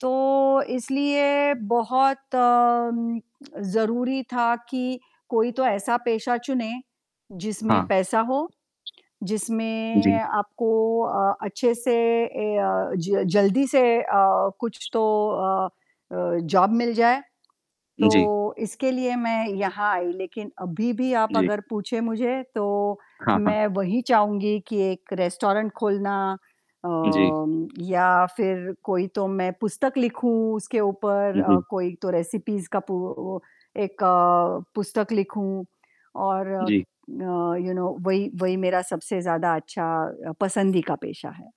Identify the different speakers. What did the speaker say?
Speaker 1: तो, इसलिए बहुत अ, म ज़रूरी था कि कोई तो ऐसा पेशा चुने, जिसमें
Speaker 2: हाँ।
Speaker 1: पैसा हो, जिसमें
Speaker 2: जी।
Speaker 1: आपको अ, अच्छे से ए अ, ज जल्दी से अ, कुछ तो अ अ, जॉब मिल जाए। तो
Speaker 2: जी।
Speaker 1: इसके लिए मैं यहाँ आई, लेकिन अभी भी आप
Speaker 2: जी।
Speaker 1: अगर पूछे मुझे तो
Speaker 2: हाँ, हाँ।
Speaker 1: मैं वही चाहूँगी कि 1 रेस्टोरेंट खोलना
Speaker 2: जी।
Speaker 1: अम, या फिर कोई तो मैं पुस्तक लिखूँ उसके ऊपर अ,
Speaker 2: बिल्कुल।
Speaker 1: कोई तो रेसिपीज़ का पू ओ एक पुस्तक लिखूँ और अ,
Speaker 2: जी।
Speaker 1: यू नो वही वही मेरा सबसे ज़्यादा अच्छा पसंदी का पेशा है।